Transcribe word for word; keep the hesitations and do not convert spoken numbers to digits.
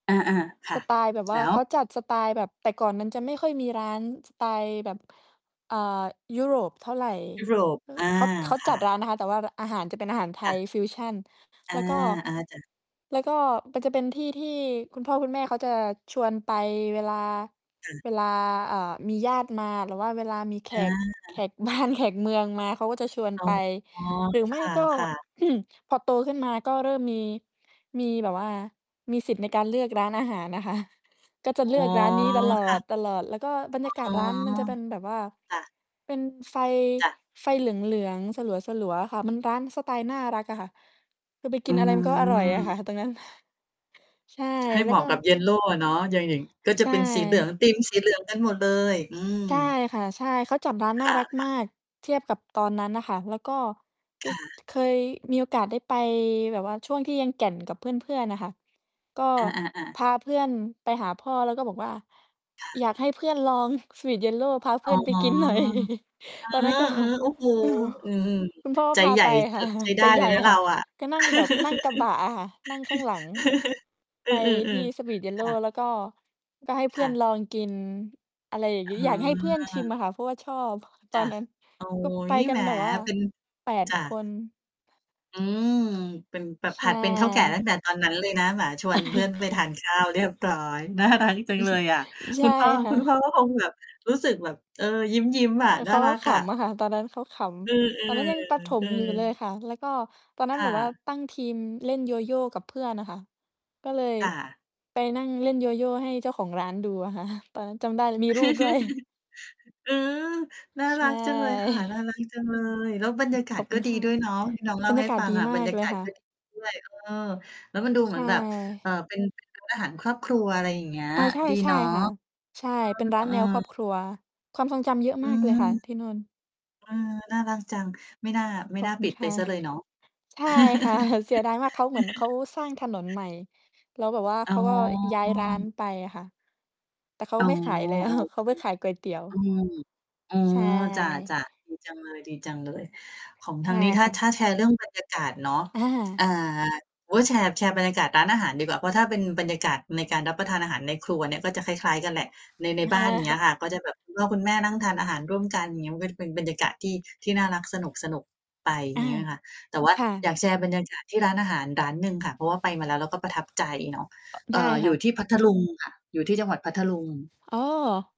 อา ๆ ค่สะ ไตล์แบบวแ่ลา ้ว? เขาจัดสไตล์แบบ แต่ก่อนมันจะไม่ค่อยมีร้านสไตล์แบบ เอ่อ ยุโรปเท่าไร ยุโรป อา เขา เขาคจั่ดะ ร้านนะคะ แต่ว่า ร อาหารจะเป็นอาหารไทค่ยะ ฟิวชัน อแา ล้วก็ อา จ้ะ แล้วก็มันจะเป็นที่ ที่คุณพ่อคุณแม่เขาจะชวนไปเวลา ค่ะ เวลา อา มีญาติมา หรือว่าเวลามีแขอา ก แขกบ้านแขกเมืองมา เขาก็จะชวนอ๋อ ไป หรือไม่คก็ ่ะ ๆ พอโตขึ้นมา ก็เริ่มมี มีแบบว่า มีสิทธิ์ในการเลือกร้านอาหาร นะคะ ก็จะอ๋เอ ลือกร้านนี้ตลคอ่ด ะ ตลอด แล้วก็บรรอยากา๋ศอ ร้านมันจะเป็นแบบว่า ค่ะ เป็นไฟ จ้ะ ไฟเหลือง ๆ สลัว ๆ อะค่ะ มันร้านสไตล์น่ารักอะค่ะ คือไปกอิืนอะไร มันก็ อร่อยอะคม ่ะ ตรงนั้น ใช่ ให้แเลห้มวากะกับ็ เยลโลอะเนาะ อย่าง อย่าง ก็จใชะเป็นสีเหลือง ่ ธีมสีเหลืองกันหมดเลย อืม ใช่ค่ะ ใช่ เขาจัดร้านนค่า่ะ รักๆ มาก เทียบกับตอนนั้นน่ะค่ะ แล้วก็ จ ค่ะ เคยมีโอกาสได้ไปแบบว่าช่วงที่ยังแก่นกับเพื่อน ๆ อะค่ะ ก็อา ๆ ๆ พาเพื่อนไปหาพ่อ แล้วก็บอกว่า ค่ะ อยากให้เพื่อนลอง สวีตเยลโล พาเพอ๋ื่อ อนไป กินหน่อย เตอนนั้นก็ ออ ๆ โอ้โฮ อือ คุณพ่อก็ใจพาใหญ่ ไปเถค่อะ ะ ใช้ไใดจ้ใเหลญย่นะเรคา่ะ อะ ก็นั่งแบบ นั่งกระบะอะค่ะ นั่งข้างหลัง อไืปทีอ ่สวๆ ีตเยลๆ โคล ่ะ แล้วก็ ก็ให้เพคื่่อะ นลองกิน อะไรอย่างเงี้ อยากให้เพื่อนชิมออ อะค่ะ เพราะว่าชอบ ตจอ้นะ นั้น โอ๊ก็ไปย กัแหนม แบบว่า เป็น แปด จ้คะ น อืม เป็น แบบใชหัดเป็นเถ้าแก่ตั้่ งแต่ตอนนั้นเลยนะ แหม ชวน เพื่อนไปทาน ข้าวเรียบร้อย น่ารัก จัองือเลฮึ ยอะ ใชคุ่ณพ่อ ค่คุณพะ ่อก็คงแบบ รู้สึกแบบ เออ ยิ้ม ๆ อะ เน่ขาารก็ักขอะ ำอะค่ะ ตอนนั้นเขาขอือ ำ ตอนนั้นยังประถๆ อืม อยู่ เลยอ ค่ะ แล้วก็ตอนนั้นคแบ่บว่าะ ตั้งทีมเล่นโยโย่กับเพื่อนอะค่ะ ก็เลยค่ะ ไปนั่งเล่นโยโย่ให้เจ้าของร้านดูอะ ค่ะ ตอนนั้นจำได้มีรูป ด้วย อือ น่าใชรั่ กจังเลยค่ะ น่ารักจังเลย แล้วบรรยากาขอศบคกุ็ ณดีค่ะ ด้วยเนาะ ที่น้องเล่บรารยใหา้กาศฟังดีอะ มบรารกยาเลกยาศค่ก็ ะ ดี ด้วย เออ แล้วมันดูเใหชมือนแบบ ่ เออ เป็น ร้าน อาหารครอบครัว อะไรอย่างเงี้ย อา ใช่ ดีใชเ่นาะ ค่ะ ใช่ เป็นร้านอแืนวอ ครอบครัว ความทรงจำเยอะอมืากเลม ยค่ะ ที่นู่น เออ น่ารักจัง ไม่น่า ไม่ขอนบ่าคุปณิดคไป่ะ เสียเลยเนาะ ใช่ ค่ะ เสียดายมาก เขา เหมือนเขาสร้างถนนใหม่ แล้วแบบว่าอ๋เขอ าก็ย้ายร้านไปอะค่ะ แต่เขาอ๋อ ไม่ขายแล้ว อ๋อ โเอขเาค ไปขายก๋วยเตี๋ยอืว ม อ๋อ ใชจ่ ้ะ ๆ ดีจังเลย ดีจังเลย ของใชทา่งนี้ ถ้คา ่ถะ ้าแชร์เรื่องบรรยากาศเนาะ ออา ่า โอ้ แชร์ แชร์บรรยากาศร้านอาหารดีกว่า เพราะถ้าเป็นบรรยากาศในการรับประทานอาหารในครัวเนี่ย ก็จะคล้าย ๆ กันแหละ ใน ในบ้าน เงี้ยค่ะ ก็จะแบบคุณพ่อคุณแม่นั่งทานอาหารร่วมกัน อย่างเงี้ย มันก็จะเป็นบรรยากาศที่ ที่น่ารักสนุก ๆ ไป อยอ่าา งเงี้ยค่ะ แต่ว่าค่อะ ยากแชร์บรรยากาศที่ร้านอาหารร้านหนึ่งค่ะ เพราะว่าไปมาแล้ว แล้วก็ประทับใจเนาะ เไอด่้อ คอยู่่ะ ที่พัทลุงค่ะ อยู่ที่จังหวัดพัทลุง อ๋อ